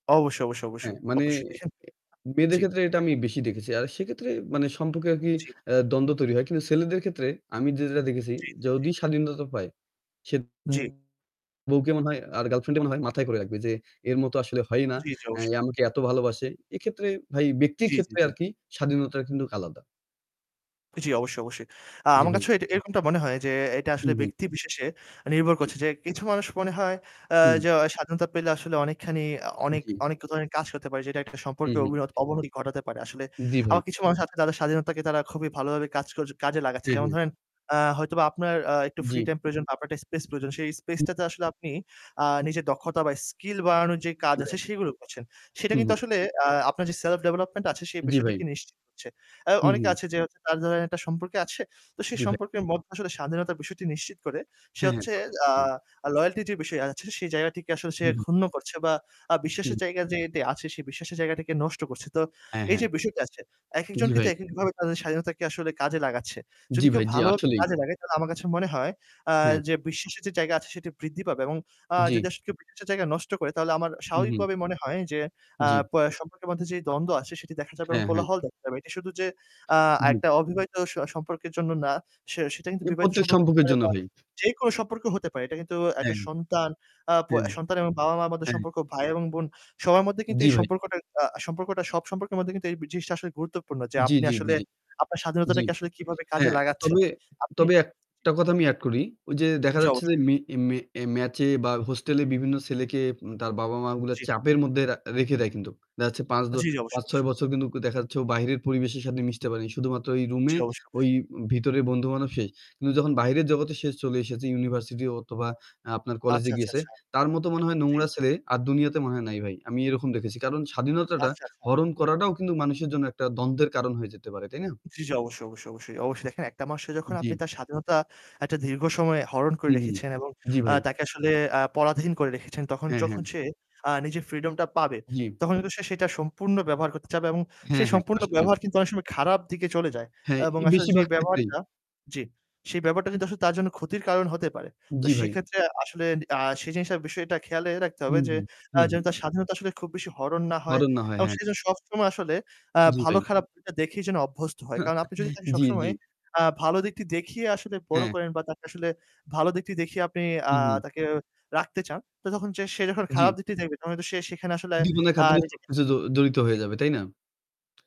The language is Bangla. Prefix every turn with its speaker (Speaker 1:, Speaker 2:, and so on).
Speaker 1: অবশ্যই, অবশ্যই, অবশ্যই,
Speaker 2: হ্যাঁ, মানে
Speaker 1: অবশ্যই দেখেন
Speaker 2: মেয়েদের
Speaker 1: জি
Speaker 2: ক্ষেত্রে এটা আমি
Speaker 1: দেখেন
Speaker 2: বেশি দেখেছি। আর সেক্ষেত্রে মানে সম্পর্কে আরকি
Speaker 1: জি।
Speaker 2: আ দ্বন্দ্ব তৈরি হয়। কিন্তু ছেলেদের ক্ষেত্রে আমি যেটা দেখেছি
Speaker 1: জি, জি, জি।
Speaker 2: যদি স্বাধীনতা পায় সে
Speaker 1: জি।
Speaker 2: [unintelligible] বউকে মনে হয় আর girlfriend মনে হয় মাথায় করে রাখবে যে এর মতো আসলে হয়ই না।
Speaker 1: জি, জি,
Speaker 2: এ
Speaker 1: অবশ্যই।
Speaker 2: আমাকে এত ভালোবাসে। এক্ষেত্রে ভাই ব্যক্তির
Speaker 1: জি, জি,
Speaker 2: ক্ষেত্রে
Speaker 1: জি।
Speaker 2: আরকি স্বাধীনতার কিন্তু আলাদা।
Speaker 1: জি, অবশ্যই, অবশ্যই। আ
Speaker 2: জি
Speaker 1: আমার
Speaker 2: ভাই।
Speaker 1: কাছেও এটা এরকমটা মনে হয় যে এটা
Speaker 2: উ
Speaker 1: আসলে
Speaker 2: হুম।
Speaker 1: ব্যক্তিবিশেষে নির্ভর
Speaker 2: জি।
Speaker 1: করছে। যে কিছু মানুষ মনে হয় আ
Speaker 2: হুম।
Speaker 1: জ স্বাধীনতা পেলে আসলে অনেকখানি অ অনেক,
Speaker 2: জি।
Speaker 1: অনেক ধরনের কাজ করতে পারে যেটা একটা
Speaker 2: হুম,
Speaker 1: সম্পর্কের
Speaker 2: হুম।
Speaker 1: অবিনত অবনতি ঘটাতে পারে আসলে।
Speaker 2: জি ভাই।
Speaker 1: আবার কিছু মানুষ আছে তাদের স্বাধীনতাকে তারা খুবই ভালোভাবে কাজ ক কাজে লাগাচ্ছে।
Speaker 2: অ্যা
Speaker 1: যেমন
Speaker 2: হ্যাঁ।
Speaker 1: ধরেন, আ হয়তোবা আপনার আ একটু free
Speaker 2: জি।
Speaker 1: time প্রয়োজন বা আপনার একটা space প্রয়োজন। সেই space টাতে আসলে আপনি আ নিজের দক্ষতা বা skill বাড়ানোর যে
Speaker 2: জি
Speaker 1: কাজ
Speaker 2: ভাই।
Speaker 1: আছে সেগুলো করছেন। সেটা
Speaker 2: হু,
Speaker 1: কিন্তু
Speaker 2: হু।
Speaker 1: আসলে আ আপনার যে self development আছে সেই
Speaker 2: জি ভাই।
Speaker 1: বিষয়টিকে নিশ্চিত করছে। অ্যা
Speaker 2: হু,
Speaker 1: অনেকে
Speaker 2: হু।
Speaker 1: আছে যে তার [unintelligible] একটা সম্পর্কে আছে তো সে
Speaker 2: জি ভাই।
Speaker 1: সম্পর্কের মধ্যে আসলে স্বাধীনতার বিষয়টি নিশ্চিত করে। সে
Speaker 2: হ্যাঁ, হ্যাঁ।
Speaker 1: হচ্ছে
Speaker 2: তা তো অবশ্যই।
Speaker 1: আ loyalty-র যে বিষয় আছে সেই জায়গাটিকে আসলে সে
Speaker 2: জি ভাই।
Speaker 1: ক্ষুন্ন করছে বা আ
Speaker 2: হুম,
Speaker 1: বিশ্বাসের জায়গা
Speaker 2: হু।
Speaker 1: যে এতে আছে সেই বিশ্বাসের জায়গাটিকে নষ্ট করছে। তো
Speaker 2: অ্যা
Speaker 1: এইযে
Speaker 2: হ্যাঁ।
Speaker 1: বিষয়টা আসছে
Speaker 2: জি
Speaker 1: একেকজনকে তো
Speaker 2: ভাই।
Speaker 1: একেকভাবে তাদের স্বাধীনতাকে আসলে কাজে লাগাচ্ছে।
Speaker 2: জি
Speaker 1: যদি কেউ
Speaker 2: ভাই, জি
Speaker 1: ভালো ভাবে
Speaker 2: আসলেই।
Speaker 1: কাজে লাগায় তাহলে আমার কাছে মনে হয় আ
Speaker 2: হ্যাঁ।
Speaker 1: যে বিশ্বাসের যে জায়গা আছে সেটি বৃদ্ধি পাবে এবং আ
Speaker 2: জি।
Speaker 1: যদি আসলে কেও বিশ্বাসের জায়গা নষ্ট করে তাহলে আমার
Speaker 2: হু,
Speaker 1: স্বাভাবিক
Speaker 2: হুম।
Speaker 1: ভাবেই মনে হয় যে আ
Speaker 2: জি।
Speaker 1: প সম্পর্কের মধ্যে যেই দ্বন্দ্ব আছে সেটি দেখা যাবে এবং
Speaker 2: হ্যাঁ, হ্যাঁ।
Speaker 1: কোলাহল দেখা যাবে। এটি শুধু যে আ
Speaker 2: জি।
Speaker 1: একটা অবিবাহিত স সম্পর্কের জন্য না, সে সেটা কিন্তু
Speaker 2: এ
Speaker 1: বিবাহিত
Speaker 2: প্রত্যেক
Speaker 1: সম্পর্ক হতে
Speaker 2: সম্পর্কের
Speaker 1: পারে
Speaker 2: জন্য
Speaker 1: বা
Speaker 2: ভাই।
Speaker 1: যেইকোনো সম্পর্ক হতে পারে। এটা কিন্তু একটা
Speaker 2: অ্যা
Speaker 1: সন্তান আ প
Speaker 2: হ্যাঁ।
Speaker 1: সন্তান এবং বাবা-মা মধ্যে
Speaker 2: অ্যা
Speaker 1: সম্পর্ক, ভাই এবং বোন সবার মধ্যে কিন্তু
Speaker 2: জি
Speaker 1: এই
Speaker 2: ভাই।
Speaker 1: সম্পর্কটা আ সম্পর্কটা সব সম্পর্কের মধ্যে কিন্তু এই বি জিনিসটা আসলে গুরুত্বপূর্ণ যে
Speaker 2: জি,
Speaker 1: আপনি
Speaker 2: জি, জি,
Speaker 1: আসলে
Speaker 2: জি।
Speaker 1: আপনার
Speaker 2: জি।
Speaker 1: স্বাধীনতাটাকে আসলে কিভাবে কাজে
Speaker 2: হ্যাঁ,
Speaker 1: লাগাচ্ছেন।
Speaker 2: তবে,
Speaker 1: আপনি
Speaker 2: তবে
Speaker 1: জি।
Speaker 2: একটা কথা আমি add করি। ওইযে দেখা
Speaker 1: জি,
Speaker 2: যাচ্ছে
Speaker 1: অবশ্যই, অবশ্যই।
Speaker 2: যে মে, মে ম্যাচে বা হোস্টেলে বিভিন্ন ছেলেকে তার বাবা-মা গুলা
Speaker 1: জি।
Speaker 2: চাপের মধ্যে রা রেখে দেয় কিন্তুক। দেখা যাচ্ছে ৫ দ
Speaker 1: জি, জি, অবশ্যই, অবশ্যই।
Speaker 2: ৫-৬ বছর কিন্তু দেখা যাচ্ছে ও বাহিরের পরিবেশের সাথে মিশতে পারেনি। শুধুমাত্র ওই রুমে
Speaker 1: জি, অবশ্যই, অবশ্যই।
Speaker 2: ওই ভিতরের বন্ধু-বান্ধব শেষ। কিন্তু যখন বাহিরের জগতে সে চলে এসেছে ইউনিভার্সিটি অথবা আপনার
Speaker 1: আচ্ছা,
Speaker 2: কলেজে
Speaker 1: আচ্ছা,
Speaker 2: গিয়েছে
Speaker 1: আচ্ছা।
Speaker 2: তার মতো মনে হয়
Speaker 1: জি।
Speaker 2: নোংরা ছেলে আর দুনিয়াতে মনে হয় নাই ভাই। আমি এরকম দেখেছি। কারণ স্বাধীনতাটা
Speaker 1: আচ্ছা, আচ্ছা।
Speaker 2: হরণ করাটাও কিন্তু মানুষের জন্য একটা দ্বন্দ্বের কারণ হয়ে যেতে পারে, তাই না?
Speaker 1: জি, জি, অবশ্যই, অবশ্যই, অবশ্যই। অবশ্যই, দেখেন একটা মানুষকে যখন
Speaker 2: জি।
Speaker 1: আপনি তার স্বাধীনতা একটা দীর্ঘ সময়ে হরণ
Speaker 2: হু,
Speaker 1: করে
Speaker 2: হুম।
Speaker 1: রেখেছেন এবং
Speaker 2: জি
Speaker 1: আ
Speaker 2: ভাই।
Speaker 1: তাকে আসলে আ পরাধীন করে রেখেছেন তখন
Speaker 2: অ্যা হ্যাঁ।
Speaker 1: যখন সে আ নিজের freedom-টা পাবে
Speaker 2: জি।
Speaker 1: তখন কিন্তু সে সেটা সম্পূর্ণ ব্যবহার করতে চাবে এবং
Speaker 2: হ্যাঁ,
Speaker 1: সেই
Speaker 2: হ্যাঁ।
Speaker 1: সম্পূর্ণ
Speaker 2: আসলেই ভাই।
Speaker 1: ব্যবহার কিন্তু অনেক সময় খারাপ দিকে চলে যায়
Speaker 2: হ্যাঁ,
Speaker 1: এবং
Speaker 2: ই
Speaker 1: আসলে যে
Speaker 2: বেশিরভাগ ক্ষেত্রেই।
Speaker 1: ব্যবহারটা জি, সেই ব্যবহারটা কিন্তু আসলে তার জন্য ক্ষতির কারণ হতে পারে। তো
Speaker 2: জি ভাই।
Speaker 1: সেক্ষেত্রে আসলে আ সে জিনিসটার বিষয়টা খেয়ালে রাখতে
Speaker 2: হু,
Speaker 1: হবে যে
Speaker 2: হুম। হু,
Speaker 1: আ যেন
Speaker 2: হুম।
Speaker 1: তার স্বাধীনতা আসলে খুব বেশি হরণ না হয়
Speaker 2: হরণ না হয়,
Speaker 1: এবং
Speaker 2: হ্যাঁ।
Speaker 1: সে যেন সবসময় আসলে আ
Speaker 2: জি ভাই।
Speaker 1: ভালো-খারাপটা দিকটা দেখেই যেন অভ্যস্ত হয়। কারণ আপনি যদি তাকে
Speaker 2: জি, জি।
Speaker 1: সবসময় আ ভালো দিকটি দেখিয়ে আসলে বড়
Speaker 2: অ্যা
Speaker 1: করেন বা তাকে আসলে ভালো দিকটি দেখিয়ে আপনি আ
Speaker 2: উহু।
Speaker 1: তাকে রাখতে চান তো তখন সে যখন খারাপ
Speaker 2: জি।
Speaker 1: দিকটি দেখবে তখন কিন্তু সে সেখানে আসলে
Speaker 2: জীবনের
Speaker 1: আ
Speaker 2: খাতিরে
Speaker 1: নিজেকে
Speaker 2: সবকিছু
Speaker 1: [unintelligible]
Speaker 2: জ জড়িত
Speaker 1: জি।
Speaker 2: হয়ে যাবে, তাই না?